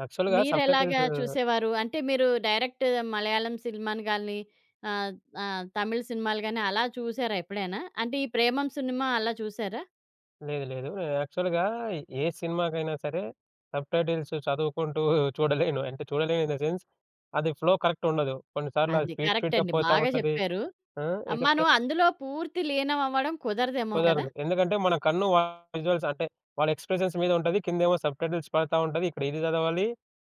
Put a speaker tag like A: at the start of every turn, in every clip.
A: యాక్చువల్‌గా
B: మీరు ఎలాగా
A: సబ్‌టైటిల్స్
B: చూసేవారు? అంటే మీరు డైరెక్ట్ మలయాళం సినిమాలు గాని, ఆహ్, ఆహ్, తమిళ్ సినిమాలు గాని అలా చూసారా ఎప్పుడైనా? అంటే ఈ ప్రేమమ్ సినిమా అలా చూసారా?
A: లేదు. లేదు. యాక్చువల్‌గా ఏ సినిమాకైనా సరే సబ్‌టైటిల్స్ చదువుకుంటూ చూడలేను. అంటే చూడలేను ఇన్ ద సెన్స్. అది ఫ్లో కరెక్ట్ ఉండదు. కొన్నిసార్లది
B: అది
A: స్పీడ్
B: కరెక్ట్
A: స్పీడ్‌గా
B: అండి
A: పోతా
B: బాగా
A: ఉంటది.
B: చెప్పారు.
A: ఆ!
B: ఆ
A: ఇంకెక్కా
B: మనం అందులో పూర్తి లీనమవ్వడం కుదరదేమో కదా?
A: కుదరదు. ఎందుకంటే మన కన్నువాళ్ళ విజువల్స్ అంటే వాళ్ళ ఎక్స్ప్రెషన్స్ మీద ఉంటది. కిందేమో సబ్‌టైటిల్స్ పడతా ఉంటది. ఇక్కడ ఇది చదవాలి.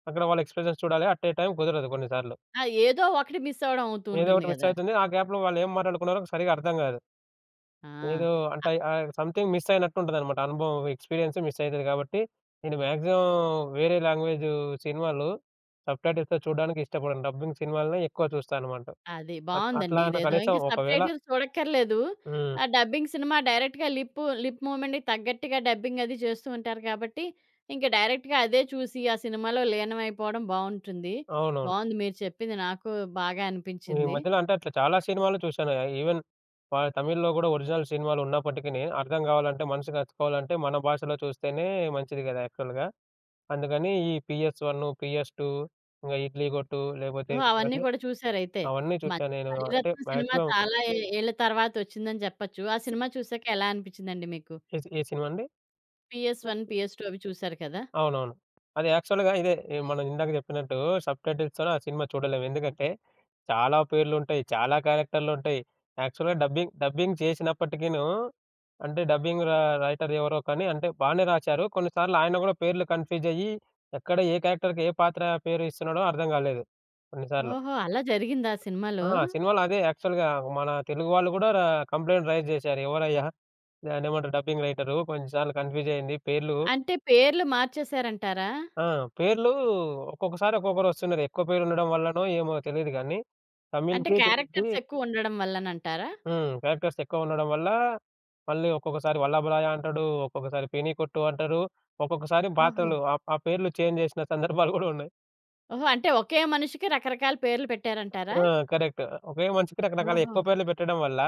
A: అక్కడ వాళ్ళ ఎక్స్ప్రెషన్స్ చూడాలి. అట్ ఏ టైమ్ కుదరదు కొన్నిసార్లు.
B: ఆ! ఏదో ఒకటి మిసవ్వడం అవుతూ
A: ఏదో
B: ఉంటుంది
A: ఒకటి మిస్
B: గదా!
A: అయితుంది. ఆ గ్యాప్‌లో వాళ్ళేం మాట్లాడుకున్నారో సరిగ్గా అర్థం కాదు.
B: ఆ!
A: ఏదో
B: అ
A: అంటే ఆహ్, స‌‌మ్‌థింగ్ మిస్ అయినట్టుంటదన్నమాట. అనుభవం ఎక్స్పీరియన్స్ మిస్సయితది కాబట్టి, నేను మాక్సిమం వేరే లాంగ్వేజ్ సినిమాలు సబ్‌టైటిల్స్‌తో చూడడానికిష్టపడను. డబ్బింగ్ సినిమాలనే ఎక్కువ చూస్తాననమాట.
B: అది
A: అట్లా
B: బావుందండి. ఇదేదో
A: కనీసం
B: ఇంక
A: ఒకవేళ
B: సబ్‌టైటిల్స్ చూడక్కర్లేదు.
A: హ్మ్.
B: ఆ డబ్బింగ్ సినిమా డైరెక్ట్‌గా లిప్ లిప్ మూవ్‌మెంట్‌కి తగ్గట్టుగా డబ్బింగ్ అది చేస్తూ ఉంటారు గాబట్టి ఇంక డైరెక్ట్‌గా అదే చూసి, ఆ సినిమాలో లీనమైపోవడం బావుంటుంది.
A: అవునవును.
B: బావుంది మీరు చెప్పింది. నాకు బాగా
A: ఈ
B: అనిపించింది.
A: మధ్యల అంటే అట్లా చాలా సినిమాలు చూసానాయే. ఇవెన్ వాళ్ళ తమిళ్‌లో కూడా ఒరిజినల్ సినిమాలున్నప్పటికినీ అర్థం కావాలంటే మనసుకి అతుక్కోవాలంటే మన భాషలో చూస్తేనే మంచిది గదా! యాక్చువల్‌గా. అందుకని ఈ పీఎస్ వన్, పీఎస్ టూ, ఇంగ ఇడ్లీ కొట్టు లేకపోతే
B: ఓహో! అవన్నీ
A: ఇవన్నీ
B: కూడా చూసారయితే!
A: అవన్నీ
B: మ
A: చూసానేను. అంటే
B: మణిరత్నం సినిమా
A: వమాక్సిమం
B: చాలా ఏ ఏళ్ళ తరువాత వచ్చిందని చెప్పొచ్చు. ఆ సినిమా చూసాక ఎలా అనిపిచ్చిందండి మీకు?
A: ఏ సి ఏ సినిమాండి?
B: పీఎస్ వన్, పీఎస్ టూ అవి చూసారు కదా?
A: అవునవును. అది యాక్చువల్‌గా ఇదే! మనమిందాక చెప్పినట్టు సబ్‌టైటిల్స్‌ తోనే ఆ సినిమా చూడలేము. ఎందుకంటే చాలా పేర్లు ఉంటాయి. చాలా క్యారెక్టరులుంటాయి. యాక్చువల్‌గా డబ్బింగ్ డబ్బింగ్ చేసినప్పటికీను అంటే డబ్బింగ్ ర రైటర్ ఎవరో కానీ అంటే బానే రాశారు కొన్నిసార్లు ఆయన కూడా పేర్లు కన్ఫ్యూజయ్యి ఎక్కడ ఏ క్యారెక్టర్‌కి ఏ పాత్ర పేరు ఇస్తున్నాడో అర్థంగాలేదు కొన్నిసార్లు.
B: ఓహో! అలా జరిగిందా సినిమాలో?
A: ఆ! సినిమాలో అదే! యాక్చువల్‌గా మన తెలుగు వాళ్ళు ర కూడా కంప్లయింట్ రైస్ చేసారు. ఎవడయ్యా? దాన్నేమంటారు? డబ్బింగ్ రైటరు కొంచెం సార్లు కన్ఫ్యూజ్ అయ్యింది. పేర్లు
B: అంటే పేర్లు మార్చేసారంటారా?
A: ఆ! పేర్లు ఒక్కొక్కసారి ఒక్కొక్కరొస్తున్నారు. ఎక్కువ పేర్లు ఉండడం వల్లనో ఏమో తెలీదు కానీ
B: అంటే
A: తమిళ్‌కి, తెలుగుకి
B: క్యారెక్టర్స్ ఎక్కువుండడం వల్లనంటారా?
A: హ్మ్. క్యారెక్టర్స్ ఎక్కువుండడం వల్ల మళ్ళీ ఒక్కొక్కసారి వల్లభరాయ అంటాడు. ఒక్కొక్కసారి పెనీ కొట్టు అంటాడు. ఒక్కొక్కసారి
B: ఓహో!
A: పాత్రలు ఆహ్, ఆ పేర్లు చేంజ్ చేసిన సందర్భాలు గూడా ఉన్నాయి.
B: ఓహో! అంటే ఒకే మనిషికి రకరకాల పేర్లు పెట్టారంటారా?
A: ఆ! కరెక్ట్. ఓకే. మనిషికి రకరకాల ఎక్కువ
B: ఓహో!
A: పేర్లు పెట్టడం వల్ల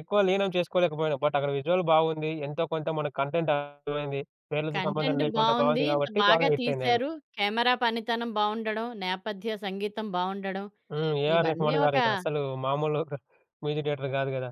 A: ఎక్కువ లీనం చేసుకోలేకపోయినా బట్ అక్కడ విజువల్ బావుంది. ఎంతో కొంత మనకు కంటెంట్ అర్థమైంది. పేర్లతో సంబంధం
B: కంటెంట్
A: లేకుండా
B: బావుంది.
A: బావుంది
B: ఇంత
A: కాబట్టి బాగా
B: బాగా
A: హిట్టయిందేమో.
B: తీశారు. కెమెరా పనితనం బావుండడం, నేపథ్య సంగీతం బావుండడం,
A: హ్మ్, ఏఆర్
B: ఇవన్నీ
A: రెహమాన్
B: ఒకా
A: గారిగా అసలు మామూలు మ్యూజిక్ డైరెక్టర్ గాదు గదా!